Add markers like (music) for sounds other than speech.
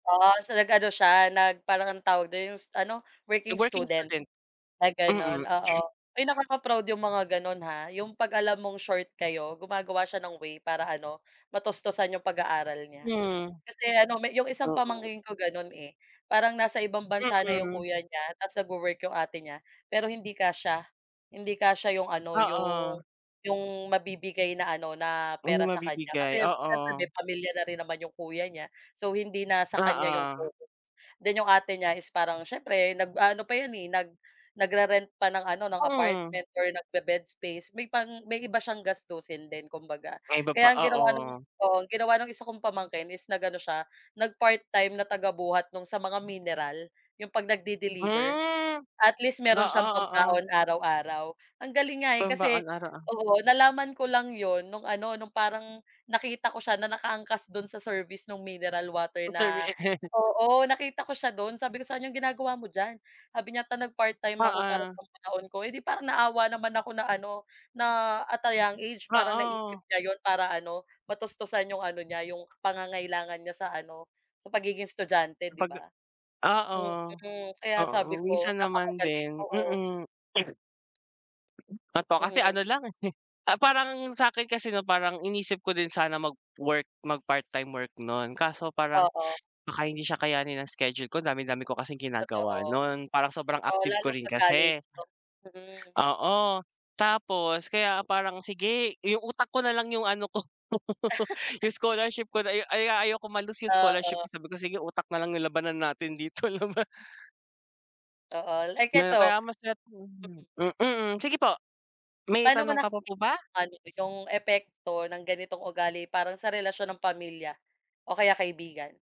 Oo, so nag-ano siya nag parang anong tawag don 'yong ano, Yung working working student student na ganon mm. oo. (clears throat) Uy, nakaka-proud 'yong mga ganon, ha, 'yong kapag alam mong short kayo gumagawa siya ng way para ano, matustusan 'yong pag-aaral niya. Hmm. Kasi ano may 'yong isang Oo. pamangkin ko ganon, eh, parang nasa ibang bansa na 'yong Mm. kuya niya tapos nagwo-work 'yong ate niya, pero hindi kasya hindi kasya 'yong ano 'yong Oo. 'yong mabibigay na ano na 'Yung pera sa kanya mabibigay kasi oo. siyempre pamilya na rin naman 'yong kuya niya. So hindi na sa kanya 'yong Oo. focus, then 'yong ate niya is parang siyempre nag-aano pa 'yon, eh, nag nagre-rent pa ng ano ng Hmm. apartment or nagbe-bed space, may pang may iba siyang gastusin din kumbaga. May iba pa Kaya ang ginawa ng oo. oo ang ginawa ng isa kong pamangkin is nag-ano siya, nagpart-time na tagabuhat nung sa mga mineral, 'yung pag nagde-deliver, Hmm, at least meron oo, siyang oo. pambaon araw-araw. Ang galing nga, eh, Pambaon kasi araw-ar oo nalaman ko lang 'yon nong ano, parang nakita ko siya na nakaangkas don sa service nung mineral water In fair na, (chuckles) oo nakita ko siya don sabi ko sa kanya, "Anong ginagawa mo diyan?" sabi niya, "Ta nagpart-time ako para Oo. pambaon ko," eh, di parang naawa naman ako na ano, na at a young age parang naisip Oo. niya 'yon para ano matustusan 'yong ano niya 'yong pangangailangan niya sa ano sa pagiging estudyante 'di Kapag ba? oo, Mm, kaya oo sabi ko, minsan naman "napakagaling," din oo. mm. (sneezes) Totoo kasi Mm. ano lang eh (chuckles) parang sa'kin kasi 'no parang inisip ko din sana mag-work mag-part time work non, kaso parang, Oo. baka hindi siya kayanin ng schedule ko dami-dami ko kasing ginagawa Totoo, non, parang sobrang totoo active lalo ko rin kapag college kasi 'no, hmm. Oo, tapos kaya parang sige, 'yung utak ko na lang yung ano ko (laughs) (chuckles) 'yung scholarship ko ay ay ayokong ma-loss 'yung scholarship Oo. ko sabi ko, "Sige utak na lang 'yung labanan natin dito." Laba Oo, like Na kaya eto masat Mm. hmm, mm, sige po. May Paano mo tanong ka pa po nakikita ba? 'yung ano 'yung epekto ng ganitong ugali parang sa relasyon ng pamilya o kaya kaibigan?